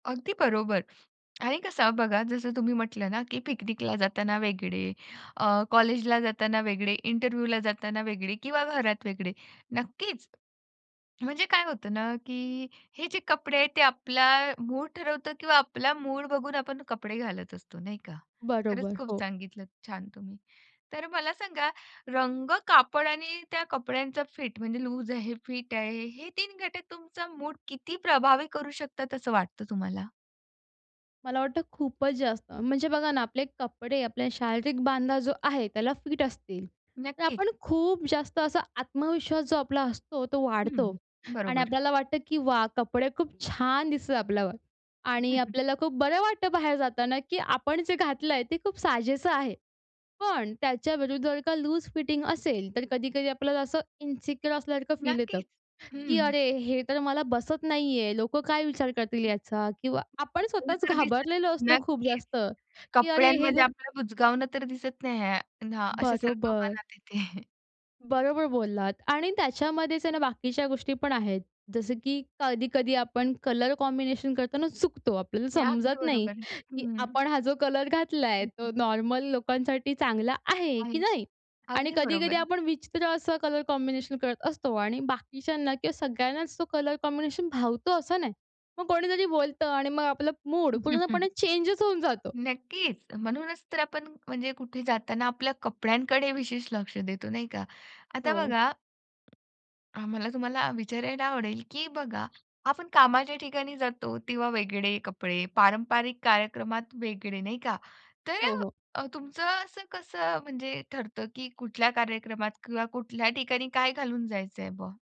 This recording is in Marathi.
अगदी बरोबर. आणि कसं बघा जसं तुम्ही म्हटलं ना, की पिकनिकला जाताना वेगळे अ, कॉलेजला जाताना वेगळे, इंटरव्ह्यूला जाताना वेगळे किंवा घरात वेगळे, नक्कीच. म्हणजे काय होतं ना, की हे जे कपडे आहेत ते आपला मूड ठरवतं किंवा आपला मूड बघून आपण कपडे घालत असतो नाही का? खरंच बरोबर. खूप हो. सांगितलंत छान तुम्ही. तर मला सांगा, रंग, कापड आणि त्या कपड्यांचा फिट, म्हणजे लूज आहे फिट आहे. हे 3 घटक तुमचा मूड किती प्रभावी करू शकतात असं वाटतं तुम्हाला? मला वाटतं खूपच जास्त, म्हणजे बघा ना आपले कपडे आपल्या शारीरिक बांधा जो आहे त्याला फिट असतील. तर नक्की. आपण खूप जास्त असा आत्मविश्वास जो आपला असतो तो वाढतो हं. आणि बरोबर. आपल्याला वाटतं, की वाह! कपडे खूप छान दिसतं आपल्यावर आणि आपल्याला खूप बरं वाटतं बाहेर जाताना, की आपण जे घातलं आहे ते खूप साजेसं आहे. पण त्याच्याविरुद्ध जर का लूज फिटिंग असेल, तर कधी-कधी आपल्याला असं इन्सिक्युअर असल्यासारखं फील येतं, नक्कीच. की हं. अरे! हे तर मला बसत नाहीये, लोकं काय विचार करतील हं. याचा किंवा आपण तेवढं स्वतःच तर दिसतं. घाबरलेलो असतो खूप नक्कीच. जास्त, की अरे! हे कपड्यांमध्ये जर आपल्याला बुजगावणं तर दिसत नाही आहे ना? असं सारखं बरोबर. मनात येते. बरोबर बोललात आणि त्याच्यामध्येच आहे ना बाकीच्या गोष्टी पण आहेत. जसं की कधी-कधी आपण कलर कॉम्बिनेशन करताना चुकतो आपल्याला हे अगदी समजत नाही, बरोबर. की हं. आपण हा जो कलर घातला आहे, हं, तो हं. नॉर्मल लोकांसाठी चांगला आहे, की आहे. नाही? आणि अगदी कधी-कधी बरोबर. आपण विचित्र असं कलर कॉम्बिनेशन करत असतो. आणि बाकीच्यांना किंवा सगळ्यांनाच तो कलर कॉम्बिनेशन भावतो असं नाही. मग कोणीतरी बोलतं आणि मग आपलं मूड पूर्णपणे चेंजच होऊन जातो. नक्कीच. म्हणूनच तर आपण म्हणजे कुठे जाताना आपल्या कपड्यांकडे विशेष लक्ष देतो, नाही का? आता हो. बघा आम्हाला तुम्हाला विचारायला आवडेल, की बघा आपण कामाच्या ठिकाणी जातो तेव्हा वेगळे कपडे, पारंपारिक कार्यक्रमात वेगळे नाही का? तर हो, हो. अ, तुमचं असं कसं म्हणजे ठरतं? की कुठल्या कार्यक्रमात किंवा कुठल्या ठिकाणी काय घालून जायचं आहे बा?